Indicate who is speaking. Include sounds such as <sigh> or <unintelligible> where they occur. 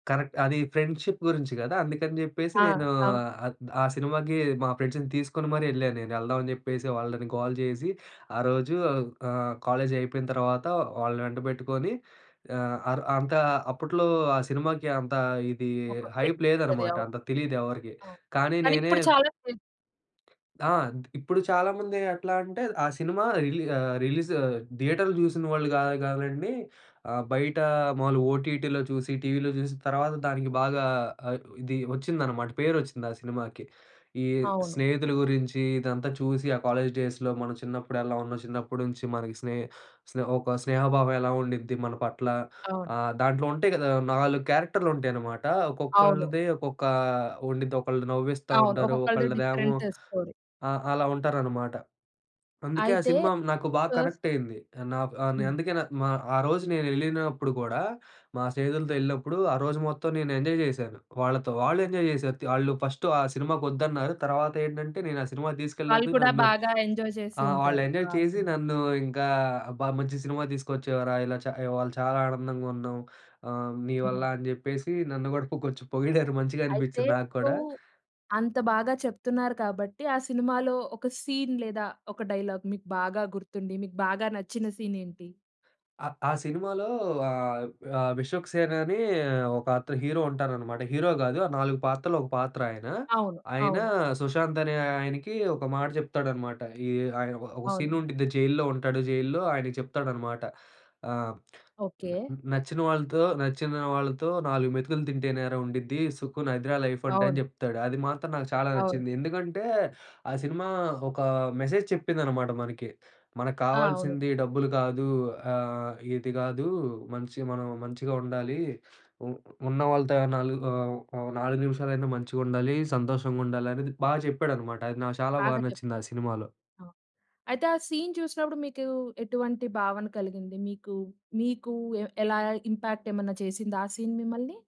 Speaker 1: Correct. అది friendship గురించి గదా. అందుకని జెప్పేసి
Speaker 2: ఆ!
Speaker 1: నేను
Speaker 2: అవు
Speaker 1: ఆహ్, ఆ! సినిమాకి మా ఫ్రెండ్స్‌ని తీసుకొని మరి ఎళ్ళాను నేను. ఎళ్దాం అని జెప్పేసి వాళ్ళని గోల చేసి ఆరోజు ఆహ్, కాలేజి అయిపోయిన తర్వాత వాళ్ళని వెంటపెట్టుకొని, ఆహ్, అర్ అంత అప్పట్లో ఆ! సినిమాకి అంత ఇది
Speaker 2: ఒక ట్రిక్
Speaker 1: హైప్
Speaker 2: ఉంటది.
Speaker 1: లేదనమాట.
Speaker 2: అవును.
Speaker 1: అంత తెలీదు ఎవరికీ.
Speaker 2: అవును.
Speaker 1: కానీ
Speaker 2: కానీ
Speaker 1: నేనే
Speaker 2: ఇప్పుడు చాలా <unintelligible>
Speaker 1: ఆ! ఇప్పుడు చాలామంది ఎట్లా అంటే, ఆ! సినిమా రిలీ ఆహ్, రిలీజ్ థియేటర్ జూసిన వాళ్ళు గా గాదండి. ఆ! బయట మాములుగా ఓటీటీలో చూసి టీవీలో జూసి తర్వాత దానికి బాగా ఆహ్, ఇది ఒచ్చిందనమాట పేరు ఒచ్చింది ఆ సినిమాకి. ఈ
Speaker 2: అవును.
Speaker 1: స్నేహితుల గురించి ఇదంతా చూసి ఆ కాలేజ్ డేస్‌లో మనం చిన్నప్పుడు ఎలా ఉన్నాం, చిన్నప్పటి నుంచి మనకి స్నే స్నే ఒక స్నేహభావం ఎలా ఉండిద్ది మన పట్ల.
Speaker 2: అవును.
Speaker 1: ఆహ్, దాంట్లో ఉంటాయి గదా నాలుగు క్యారెక్టర్‌లు ఉంటాయి అన్నమాట.
Speaker 2: అవును.
Speaker 1: ఒక్కొక్కళ్ళది ఒక్కొక్క ఉండిది. ఒకళ్ళు నవ్విస్తా
Speaker 2: అవును.
Speaker 1: ఉంటారు.
Speaker 2: ఒక్కొక్కలది
Speaker 1: ఒకళ్ళదేమో
Speaker 2: డిఫరెంట్ స్టోరీ.
Speaker 1: ఆ! అలా ఉంటారనమాట. అందుకే ఆ
Speaker 2: అయితే
Speaker 1: సినిమా నాకు బాగా
Speaker 2: ఫస్ట్
Speaker 1: కనెక్ట్ అయింది. నాకు ఆహ్,
Speaker 2: హ్మ్.
Speaker 1: అందుకే న మా ఆరోజు నేను ఎళ్ళినప్పుడు గూడా మా స్నేహితులతో ఎళ్ళినప్పుడు ఆరోజు మొత్తం నేను ఎంజాయ్ చేశాను వాళ్ళతో. వాళ్ళు ఎంజాయ్ త్ చేశారు ఆళ్ళు ఫస్ట్ ఆ సినిమాకు ఒద్దన్నారు. తర్వాత ఏంటంటే నేను ఆ సినిమాకి
Speaker 2: వాళ్ళు
Speaker 1: తీసుకెళ్ళినందుకు
Speaker 2: కూడా
Speaker 1: నన్ను.
Speaker 2: బాగా ఎంజాయ్ చేసి
Speaker 1: ఆ! వాళ్ళు
Speaker 2: ఉంటారు. ఆ!
Speaker 1: ఎంజాయ్ చేసి.
Speaker 2: <unintelligible>
Speaker 1: నన్ను ఇంకా "అబ్బా! మంచి సినిమా తీసుకొచ్చావురా ఇలా చ ఇవాళ చాలా ఆనందంగా ఉన్నాం. ఆహ్, నీ వల్ల"
Speaker 2: హ్మ్.
Speaker 1: అని జెప్పేసి నన్ను గూడా కొ కొంచెం పొగిడారు. మంచిగా
Speaker 2: అయితే
Speaker 1: అనిపించింది నాకు
Speaker 2: ఇప్పుడు,
Speaker 1: కూడా.
Speaker 2: అంత బాగా చెప్తున్నారు కాబట్టి ఆ సినిమాలో ఒక సీన్ లేదా ఒక డైలాగ్ మీకు బాగా గుర్తుండి, మీకు బాగా నచ్చిన సీన్ ఏంటి?
Speaker 1: ఆ సినిమాలో ఆహ్, ఆహ్, 'విశ్వక్ సేన్' అని ఒక అత హీరో ఉంటారనమాట. హీరో గాదు ఆ నాలుగు పాత్రలో ఒక పాత్ర ఆయన.
Speaker 2: అవును.
Speaker 1: ఆయన
Speaker 2: అవును.
Speaker 1: సుశాంత్ అనే ఆయనకి ఒక మాట చెప్తాడు అన్నమాట. ఈ ఆహ్, ఒక ఒక
Speaker 2: అవును.
Speaker 1: సీన్ ఉండిద్ది జైల్‌లో ఉంటాడు జైల్‌లో. ఆయనకి చెప్తాడు అన్నమాట. ఆ! "న్
Speaker 2: ఓకె.
Speaker 1: నచ్చిన వాళ్ళతో, నచ్చిన వాళ్ళతో నాలుగు మెతుకులు తింటేనేరా ఉండిద్ది. సుఖున్ అదిరా లైఫ్ అంటే" అని
Speaker 2: అవును.
Speaker 1: చెప్తాడు. అది మాత్రం నాకు చాలా
Speaker 2: అవును.
Speaker 1: నచ్చింది. ఎందుకంటే ఆ సినిమా ఒక మెసేజ్ చెప్పిందనమాట మనకి. "మనకు
Speaker 2: ఆ! అవును.
Speaker 1: కావాల్సింది డబ్బులు కాదు. ఆహ్, ఇది కాదు మంచి మనం మంచిగా ఉండాలి. ఉ ఉన్నవాళ్లతో నాలుగు ఆహ్, ఆహ్, నాలుగు నిమిషాలైనా మంచిగా ఉండాలి. సంతోషంగా ఉండాలి" అనేది బాగా చెప్పాడనమాట అది నాకు చాలా
Speaker 2: బాగా
Speaker 1: బాగా
Speaker 2: చెప్
Speaker 1: నచ్చింది. ఆ సినిమాలో.
Speaker 2: ఆ! అయితే ఆ సీన్ చూసినప్పుడు మీకు ఎటువంటి భావన కలిగింది? మీకు మీకు ఎ ఎలా ఇంపాక్ట్ ఏమైనా చేసిందా ఆ! సీన్ మిమ్మల్ని?